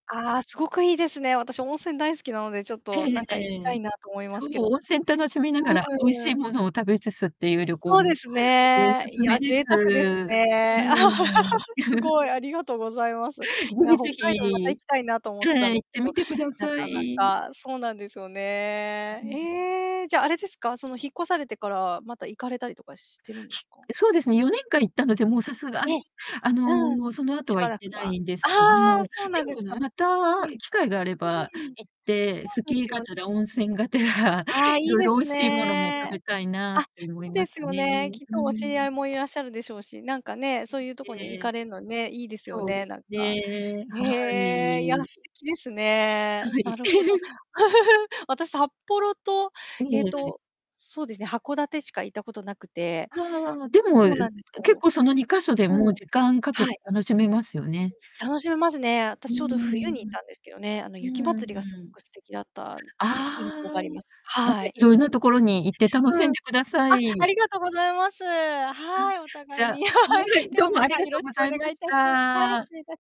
ああ、すごくいいですね。私温泉大好きなのでちょっえとえなんか行きえたえ。いなと思いまそすけう、ど。温泉楽しみながら美味うん、うーしん。いものを食べつつっていうう、旅行、ん、おそうですね。い勧めや、です。贅う沢ですーね。ん、うん。す ごい、ありがとうございます。い是や、非北是海道また行非。きたいなと思ってたんはい、行ですっけてど、みてくだなさかない。かそうなんですよね。うん。ええ、じゃ、あれですが、その、引っ越されてからまた行かれたりとかしてるんですか？そうですね、4年間行ったので、もうさすがえに、え。あうん。の、その後しはば行っらてくなはいんですけど、ああ、そうなでんでもすか。ね、またええ。機会があれば、ふん、行っそて、スうでキーすがよ。てら温泉がてら、ああ、いいいろいでろ美す味しいものも食ね。べたいなあ、っそて思いうまですすよね。ね、きっうとお知り合ん。いもいらっしゃるでしょうし、なんかね、うん、そういうとこにえ行え。かれるのね、いいですよそうね、ですなんか。ね、はへえ、いや、い。素敵ですはね。ない。るほど。私、札幌と、ええっえ。と、そうですね、函館しか行ったこと無くて。ああ、でも、ん、そうなんです結よ。構、その2箇所で、もううん。時間かけはてい。楽しめますよね。楽しめますね。う私ちょうど冬に行っーん。たんですけどね、あの、雪まつりがす ごく素敵だった、あね、印あ。象があります。なんかはい。いそろんうなで所に行って楽す、ね、しうんん、でくださあ、あい。りがとうございます。あ、はい、おじ互いゃに、はい、でどうはもまありたがよとろうしごくざおい願まいし致します。はい、失た。礼致し